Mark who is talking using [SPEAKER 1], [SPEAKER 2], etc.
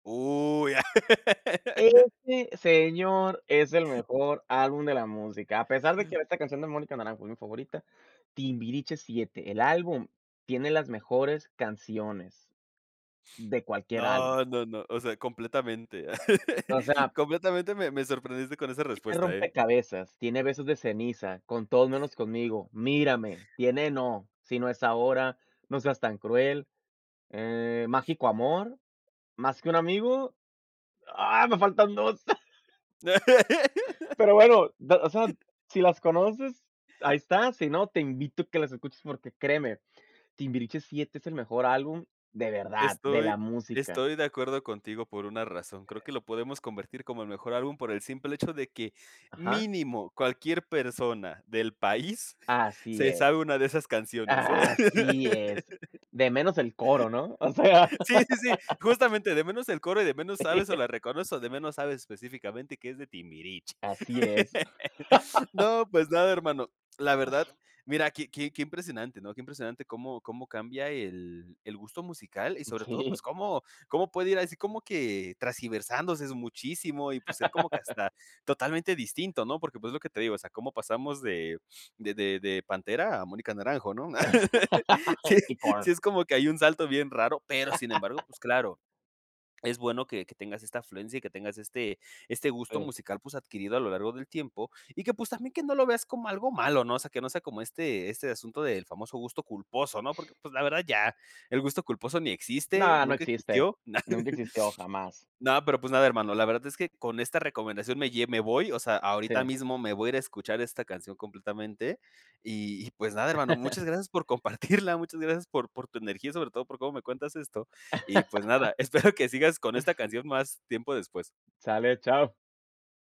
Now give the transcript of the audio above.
[SPEAKER 1] ¡Uy!
[SPEAKER 2] Ese, señor, es el mejor álbum de la música, a pesar de que esta canción de Mónica Naranjo es mi favorita, Timbiriche VII, el álbum tiene las mejores canciones de cualquier álbum.
[SPEAKER 1] No, no, no. O sea, completamente.
[SPEAKER 2] O sea
[SPEAKER 1] Completamente me me sorprendiste con esa
[SPEAKER 2] tiene
[SPEAKER 1] respuesta, ¿eh?
[SPEAKER 2] Rompecabezas, tiene Besos de ceniza, Con todos menos conmigo, Mírame. Tiene No, Si no es ahora, No seas tan cruel, eh, Mágico amor, Más que un amigo, ¡ah, me faltan 2! Pero bueno, de o sea, si las conoces, ahí está. Si no, te invito a que las escuches porque, créeme, Timbiriche VII es el mejor álbum, ¡de verdad! De la
[SPEAKER 1] Estoy
[SPEAKER 2] música.
[SPEAKER 1] estoy de acuerdo contigo por una razón. Creo que lo podemos convertir como el mejor álbum por el simple hecho de que
[SPEAKER 2] Ajá.
[SPEAKER 1] mínimo cualquier persona del país
[SPEAKER 2] Así
[SPEAKER 1] se sabe
[SPEAKER 2] es,
[SPEAKER 1] una de esas canciones, ¿eh?
[SPEAKER 2] ¡así es! De menos el coro, ¿no? O sea
[SPEAKER 1] Sí, sí, sí, justamente, de menos el coro y de menos sabes o la reconoces, de menos sabes específicamente que es de Timbiriche.
[SPEAKER 2] Así es.
[SPEAKER 1] No, pues nada, hermano. La verdad, mira, qué qué qué impresionante, ¿no?, qué impresionante cómo cómo cambia el el gusto musical y
[SPEAKER 2] Mm,
[SPEAKER 1] sobre todo,
[SPEAKER 2] sí.
[SPEAKER 1] pues cómo cómo puede ir así, como que tergiversándose es muchísimo y, pues, ser como que hasta totalmente distinto, ¿no? Porque, pues, es lo que te digo, o sea, cómo pasamos de de de de Pantera a Mónica Naranjo, ¿no? Sí,
[SPEAKER 2] Y con
[SPEAKER 1] sí es como que hay un salto bien raro. Pero, sin embargo, pues, claro, es bueno que que tengas esta afluencia y que tengas este este gusto
[SPEAKER 2] Sí.
[SPEAKER 1] musical, pues, adquirido a lo largo del tiempo y que, pues, también que no lo veas como algo malo, ¿no? O sea, que no sea como este este asunto del famoso gusto culposo, ¿no? Porque, pues, la verdad, ya el gusto culposo ni existe,
[SPEAKER 2] No, no
[SPEAKER 1] nunca
[SPEAKER 2] existe.
[SPEAKER 1] existió, na
[SPEAKER 2] Nunca existió, jamás.
[SPEAKER 1] No, pero, pues, nada, hermano, la verdad es que con esta recomendación me lle me voy. O sea, ahorita
[SPEAKER 2] Sí.
[SPEAKER 1] mismo me voy a ir a escuchar esta canción completamente. Y y pues nada, hermano, muchas gracias por compartirla, muchas gracias por por tu energía, sobre todo por cómo me cuentas esto. Y pues nada, espero que sigas con esta canción más tiempo después.
[SPEAKER 2] Sale, ¡chao!